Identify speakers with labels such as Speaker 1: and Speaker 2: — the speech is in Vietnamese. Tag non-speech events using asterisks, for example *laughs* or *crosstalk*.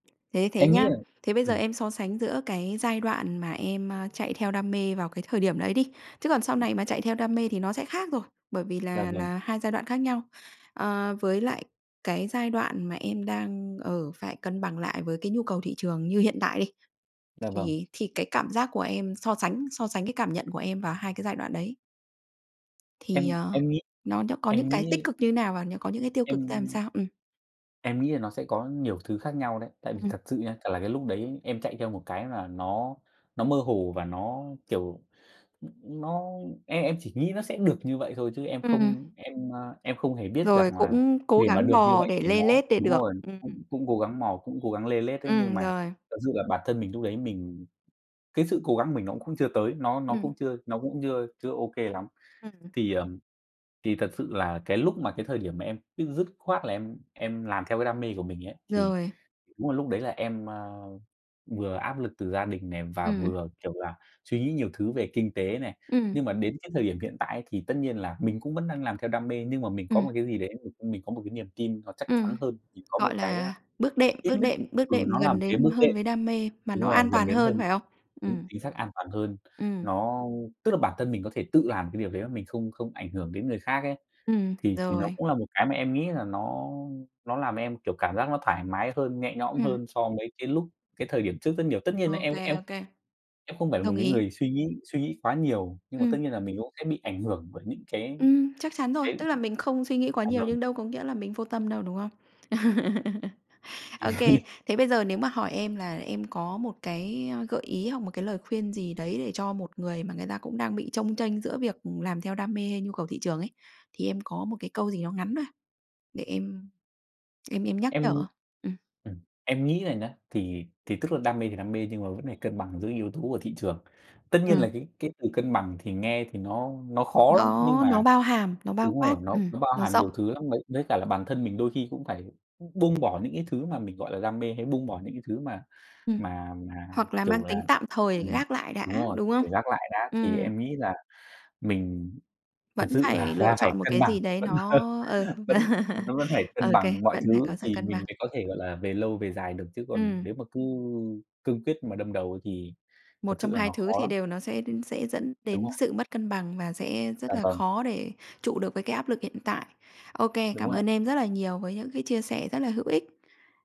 Speaker 1: Thế thế
Speaker 2: Em nghĩ
Speaker 1: nhá,
Speaker 2: là
Speaker 1: thế bây giờ
Speaker 2: ừm.
Speaker 1: em so sánh giữa cái giai đoạn mà em, ờ, chạy theo đam mê vào cái thời điểm đấy đi, chứ còn sau
Speaker 2: Ừm.
Speaker 1: này mà chạy theo đam mê thì nó sẽ khác rồi, bởi vì
Speaker 2: Dạ
Speaker 1: là
Speaker 2: vâng.
Speaker 1: là hai giai đoạn khác nhau. Ờ, với lại cái giai đoạn mà em đang, ờ, phải cân bằng lại với cái nhu cầu thị trường như hiện tại đi,
Speaker 2: Dạ vâng.
Speaker 1: thì thì cái cảm giác của em so sánh so sánh cái cảm nhận của em vào hai cái giai đoạn đấy thì,
Speaker 2: Em
Speaker 1: ờ,
Speaker 2: em nghĩ
Speaker 1: nó nó có những
Speaker 2: em
Speaker 1: cái tích
Speaker 2: nghĩ
Speaker 1: cực như thế nào và nó có những cái tiêu cực ra làm
Speaker 2: Em
Speaker 1: sao? Ừm.
Speaker 2: Em nghĩ là nó sẽ có nhiều thứ khác nhau đấy. Tại vì
Speaker 1: Ừm.
Speaker 2: thật sự nhá, chả là cái lúc đấy em chạy theo một cái là nó nó mơ hồ và nó, kiểu, nó em em chỉ nghĩ nó sẽ được như vậy thôi chứ em
Speaker 1: Ừm.
Speaker 2: không em, à, em không hề biết
Speaker 1: Rồi,
Speaker 2: rằng là
Speaker 1: cũng cố
Speaker 2: để mà
Speaker 1: gắng
Speaker 2: được như
Speaker 1: bò
Speaker 2: vậy
Speaker 1: để
Speaker 2: thì nó
Speaker 1: lê lết, để
Speaker 2: đúng
Speaker 1: được.
Speaker 2: rồi,
Speaker 1: Ừm.
Speaker 2: cũng cũng cố gắng mò, cũng cố gắng lê lết đấy, nhưng
Speaker 1: Ừm,
Speaker 2: mà
Speaker 1: rồi.
Speaker 2: thật sự là bản thân mình lúc đấy mình cái sự cố gắng của mình nó cũng chưa tới, nó nó
Speaker 1: Ừm.
Speaker 2: cũng chưa nó cũng chưa chưa ô kê lắm.
Speaker 1: Ừm.
Speaker 2: Thì, ờ, thì thật sự là cái lúc mà cái thời điểm mà em dứt khoát là em em làm theo cái đam mê của mình ấy, thì
Speaker 1: Rồi.
Speaker 2: đúng là lúc đấy là em, ờ, vừa áp lực từ gia đình này và
Speaker 1: Ừm.
Speaker 2: vừa, kiểu là, suy nghĩ nhiều thứ về kinh tế này.
Speaker 1: Ừm.
Speaker 2: Nhưng mà đến cái thời điểm hiện tại ấy thì tất nhiên là mình cũng vẫn đang làm theo đam mê nhưng mà mình có
Speaker 1: Ừm.
Speaker 2: một cái gì đấy mình có một cái niềm tin nó chắc chắn
Speaker 1: Ừm,
Speaker 2: hơn thì có một
Speaker 1: gọi
Speaker 2: cái ơ,
Speaker 1: là, bước đệm
Speaker 2: ít
Speaker 1: bước
Speaker 2: nhất
Speaker 1: đệm bước
Speaker 2: ừ,
Speaker 1: đệm
Speaker 2: nó là
Speaker 1: gần
Speaker 2: một cái
Speaker 1: đến
Speaker 2: bước
Speaker 1: hơn
Speaker 2: đệm.
Speaker 1: với đam mê mà
Speaker 2: Đúng
Speaker 1: nó
Speaker 2: rồi,
Speaker 1: an
Speaker 2: gần
Speaker 1: toàn
Speaker 2: đến hơn.
Speaker 1: hơn, phải không?
Speaker 2: Đúng,
Speaker 1: Ừm.
Speaker 2: chính xác, an toàn hơn.
Speaker 1: Ừm.
Speaker 2: Nó tức là bản thân mình có thể tự làm cái điều đấy mà mình không không ảnh hưởng đến người khác ấy,
Speaker 1: Ừm,
Speaker 2: thì thì nó
Speaker 1: rồi.
Speaker 2: cũng là một cái mà em nghĩ là nó nó làm em, kiểu, cảm giác nó thoải mái hơn, nhẹ nhõm
Speaker 1: Ừm.
Speaker 2: hơn so với cái lúc cái thời điểm trước rất nhiều. Tất nhiên là
Speaker 1: Ô
Speaker 2: em
Speaker 1: kê,
Speaker 2: em
Speaker 1: ô kê.
Speaker 2: em không phải là một
Speaker 1: Đồng
Speaker 2: cái
Speaker 1: ý.
Speaker 2: người suy nghĩ suy nghĩ quá nhiều, nhưng mà tất
Speaker 1: Ừm.
Speaker 2: nhiên là mình cũng sẽ bị ảnh hưởng bởi những cái
Speaker 1: Ừm, chắc chắn rồi.
Speaker 2: cái
Speaker 1: Tức là mình không suy nghĩ quá
Speaker 2: dạ
Speaker 1: nhiều
Speaker 2: vâng.
Speaker 1: nhưng đâu có nghĩa là mình vô tâm đâu, đúng không? *laughs* Ô kê.
Speaker 2: *laughs*
Speaker 1: Thế bây giờ nếu mà hỏi em là em có một cái, ờ, gợi ý hoặc một cái lời khuyên gì đấy để cho một người mà người ta cũng đang bị chông chênh giữa việc làm theo đam mê hay nhu cầu thị trường ấy, thì em có một cái câu gì nó ngắn thôi, để em em em nhắc nhở
Speaker 2: Em
Speaker 1: hông? Ừm.
Speaker 2: ừm, em nghĩ là nhá, thì thì tức là đam mê thì đam mê nhưng mà vẫn phải cân bằng giữa yếu tố của thị trường. Tất nhiên
Speaker 1: Ừm.
Speaker 2: là cái cái từ cân bằng thì nghe thì nó nó khó lắm, nhưng
Speaker 1: Nó nó
Speaker 2: mà
Speaker 1: bao hàm, nó bao
Speaker 2: đúng
Speaker 1: quát,
Speaker 2: rồi, nó
Speaker 1: ừm,
Speaker 2: nó bao
Speaker 1: nó
Speaker 2: hàm
Speaker 1: rộng.
Speaker 2: nhiều thứ lắm. Với với cả là bản thân mình đôi khi cũng phải buông bỏ những cái thứ mà mình, gọi là, đam mê hay buông bỏ những cái thứ mà
Speaker 1: Ừm,
Speaker 2: mà mà,
Speaker 1: hoặc là mang
Speaker 2: kiểu là
Speaker 1: tính tạm thời để
Speaker 2: ừm,
Speaker 1: gác lại đã,
Speaker 2: đúng rồi,
Speaker 1: đúng không?
Speaker 2: để gác lại đã. Thì
Speaker 1: Ừm.
Speaker 2: em nghĩ là mình thật
Speaker 1: Vẫn
Speaker 2: sự
Speaker 1: phải
Speaker 2: là
Speaker 1: lựa
Speaker 2: là phải
Speaker 1: chọn một
Speaker 2: cân
Speaker 1: cái
Speaker 2: bằng,
Speaker 1: gì đấy
Speaker 2: vẫn,
Speaker 1: nó
Speaker 2: ờ,
Speaker 1: ờ,
Speaker 2: vẫn
Speaker 1: *laughs*
Speaker 2: nó vẫn phải
Speaker 1: ô
Speaker 2: cân
Speaker 1: kê,
Speaker 2: bằng mọi
Speaker 1: vẫn phải có
Speaker 2: thứ
Speaker 1: sự
Speaker 2: thì
Speaker 1: cân
Speaker 2: mình
Speaker 1: bằng.
Speaker 2: mới có thể, gọi là, về lâu, về dài được, chứ còn
Speaker 1: Ừm.
Speaker 2: nếu mà cứ cương quyết mà đâm đầu ấy thì thật
Speaker 1: Một trong
Speaker 2: sự là
Speaker 1: hai
Speaker 2: nó
Speaker 1: thứ
Speaker 2: khó
Speaker 1: thì
Speaker 2: lắm.
Speaker 1: đều nó sẽ sẽ dẫn
Speaker 2: Đúng
Speaker 1: đến
Speaker 2: rồi.
Speaker 1: sự mất cân bằng và sẽ
Speaker 2: Dạ
Speaker 1: rất là
Speaker 2: vâng.
Speaker 1: khó để trụ được với cái áp lực hiện tại. Ô kê,
Speaker 2: Đúng
Speaker 1: cảm
Speaker 2: rồi ạ.
Speaker 1: ơn em rất là nhiều với những cái chia sẻ rất là hữu ích.